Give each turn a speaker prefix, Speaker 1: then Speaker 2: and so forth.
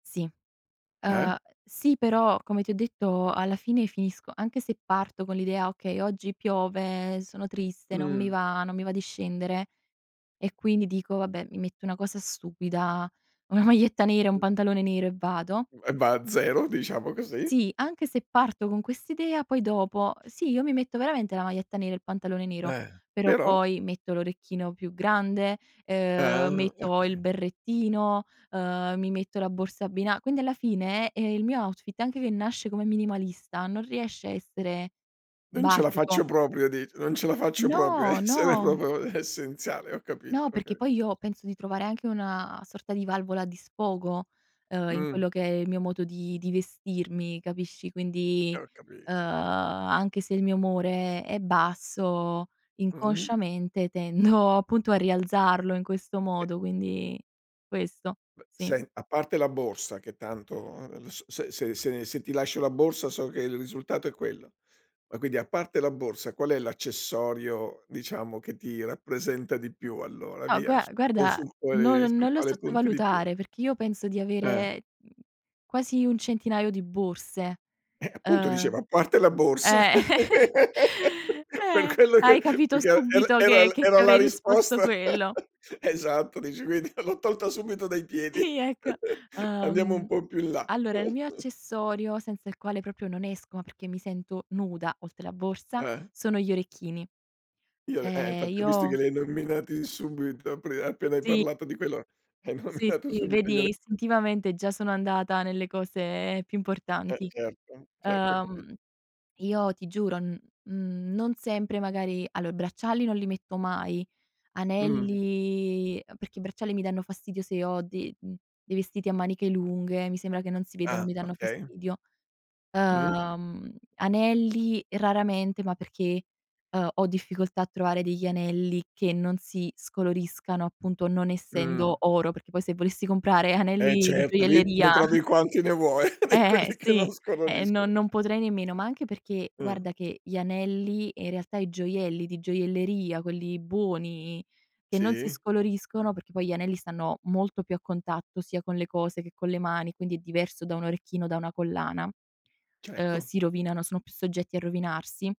Speaker 1: Sì,
Speaker 2: Eh?
Speaker 1: uhm, sì però come ti ho detto alla fine finisco anche se parto con l'idea: "Okay oggi piove, sono triste, non mi
Speaker 2: Mh.
Speaker 1: va, non mi va di scendere". E quindi dico: "Va beh mi metto una cosa stupida, una maglietta nera e un pantalone nero e vado".
Speaker 2: Mh, e va a 0, diciamo così.
Speaker 1: Sì, anche se parto con quest'idea poi dopo, ehm, sì, io mi metto veramente la maglietta nera e il pantalone nero,
Speaker 2: Eh.
Speaker 1: però
Speaker 2: Però?
Speaker 1: poi metto l'orecchino più grande, ehm,
Speaker 2: Ah
Speaker 1: metto il
Speaker 2: okay.
Speaker 1: berrettino, uhm, mi metto la borsa abbina quindi alla fine, ehm, il mio outfit anche che nasce come minimalista non riesce a essere
Speaker 2: Non ce la faccio
Speaker 1: basico.
Speaker 2: proprio dici, non ce la faccio proprio a
Speaker 1: No,
Speaker 2: essere
Speaker 1: no.
Speaker 2: proprio essenziale, ho capito,
Speaker 1: No, perché
Speaker 2: okay.
Speaker 1: poi io penso di trovare anche una sorta di valvola di sfogo, uhm, in
Speaker 2: Mh.
Speaker 1: quello che è il mio modo di di vestirmi, capisci?
Speaker 2: Eh
Speaker 1: Quindi,
Speaker 2: ho
Speaker 1: uhm,
Speaker 2: capito.
Speaker 1: anche se il mio umore è basso
Speaker 2: Mh.
Speaker 1: inconsciamente tendo appunto a rialzarlo in questo
Speaker 2: E
Speaker 1: modo, quindi questo,
Speaker 2: Beh
Speaker 1: sì.
Speaker 2: sen a parte la borsa che tanto ehm, l s se se se se ti lascio la borsa so che il risultato è quello. Ma quindi a parte la borsa qual è l'accessorio, diciamo, che ti rappresenta di più allora,
Speaker 1: No,
Speaker 2: via,
Speaker 1: gua
Speaker 2: su o
Speaker 1: guarda,
Speaker 2: sul
Speaker 1: no
Speaker 2: quale sul
Speaker 1: non lo
Speaker 2: quale punti di più?
Speaker 1: sottovalutare, perché io penso di
Speaker 2: Eh.
Speaker 1: avere quasi un centinaio di borse.
Speaker 2: Eh, appunto
Speaker 1: Uhm.
Speaker 2: dicevo: "A parte la borsa".
Speaker 1: Eh,
Speaker 2: Per
Speaker 1: eh,
Speaker 2: quello
Speaker 1: hai
Speaker 2: che
Speaker 1: capito
Speaker 2: perché er
Speaker 1: subito
Speaker 2: era
Speaker 1: che
Speaker 2: l
Speaker 1: che ti
Speaker 2: era la
Speaker 1: avrei risposto
Speaker 2: risposta.
Speaker 1: quello.
Speaker 2: Esatto, dici quindi l'ho tolta subito dai piedi.
Speaker 1: Sì, ecco.
Speaker 2: Andiamo un
Speaker 1: Uhm,
Speaker 2: po' in più là.
Speaker 1: allora, il mio accessorio senza il quale proprio non esco, ma perché mi sento nuda, oltre la borsa,
Speaker 2: Eh.
Speaker 1: sono gli orecchini.
Speaker 2: Io l eh
Speaker 1: Cioè,
Speaker 2: infatti ho visti che
Speaker 1: io
Speaker 2: li hai nominati subito apri appena hai
Speaker 1: Sì.
Speaker 2: parlato di quello, hai
Speaker 1: Sì,
Speaker 2: nominato
Speaker 1: sì,
Speaker 2: subito,
Speaker 1: vedi
Speaker 2: gliele
Speaker 1: istintivamente già sono andata nelle cose più
Speaker 2: Eh
Speaker 1: importanti.
Speaker 2: certo, certo ho capi
Speaker 1: Uhm, io ti giuro, n uhm, non sempre magari allò i bracciali non li metto mai,
Speaker 2: Mh.
Speaker 1: anelli ehm, perché i bracciali mi danno fastidio se ho de uhm, dei vestiti a maniche lunghe, mi sembra che non si vedono,
Speaker 2: Ah
Speaker 1: mi danno
Speaker 2: okay.
Speaker 1: fastidio.
Speaker 2: Mh.
Speaker 1: Uhm, anelli raramente, ma perché, uhm, ho difficoltà a trovare degli anelli che non si scoloriscano, appunto, non
Speaker 2: Mh.
Speaker 1: essendo oro, perché poi se volessi comprare
Speaker 2: Eh
Speaker 1: anelli di
Speaker 2: certo, lì ne
Speaker 1: gioielleria
Speaker 2: trovi quanti ne vuoi di
Speaker 1: Eh, eh,
Speaker 2: quelli che non
Speaker 1: sì, eh no
Speaker 2: scoloriscono.
Speaker 1: non potrei nemmeno, ma anche perché
Speaker 2: Mh.
Speaker 1: guarda che gli anelli, e in realtà i gioielli di gioielleria, quelli buoni, che non si
Speaker 2: Sì.
Speaker 1: scoloriscono, perché poi gli anelli stanno molto più a contatto sia con le cose che con le mani, quindi è diverso da un orecchino, da una collana, uhm,
Speaker 2: Certo.
Speaker 1: si rovinano, sono più soggetti a rovinarsi.